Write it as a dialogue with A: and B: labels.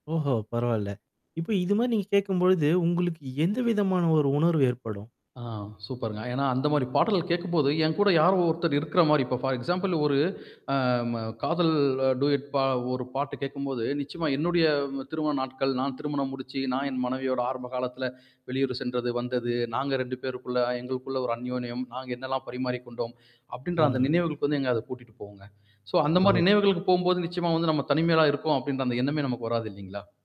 A: ஓஹோ! பரவால்ல. இப்ப இது மாரி நீங்க கேட்கும்பொழுது, உங்களுக்கு எந்த விதமான ஒரு உணர்வு ஏற்படும்?
B: ஆ சூப்பர்ங்க. ஏன்னா, அந்த மாரி பாடல்கள் கேட்கும்போது, என் கூட யாரோ ஒருத்தர் இருக்கிற மாரி இப்ப ஃபார் எக்ஸாம்பிள் ஒரு அ ம காதல் டூயட் பா ஒரு பாட்டு கேட்கும்போது, நிச்சயமா என்னுடைய திருமண நாட்கள், நான் திருமணம் முடிச்சு நான் என் மனைவியோட ஆரம்ப காலத்தில வெளியூர் சென்றது, வந்தது. நாங்க 2 பேருக்குள்ள எங்களுக்குள்ள ஒரு அன்யோணியம். நாங்க என்னல்லாம் பரிமாறிக் கொண்டோம். அப்ப்டின்ற
A: ஆமா.
B: அந்த நினைவுகளுக்கு வந்து எங்க அத கூட்டிட்டு போகுங்க. சோ அந்த மாரி
A: ஓஹோ.
B: நினைவுகளுக்கு போகும்போது நிச்சயமா வந்து நம்ம தனிமையில இருக்கோம், அப்டின்ற அந்த எண்ணமே நமக்கு வராது இல்லைங்களா?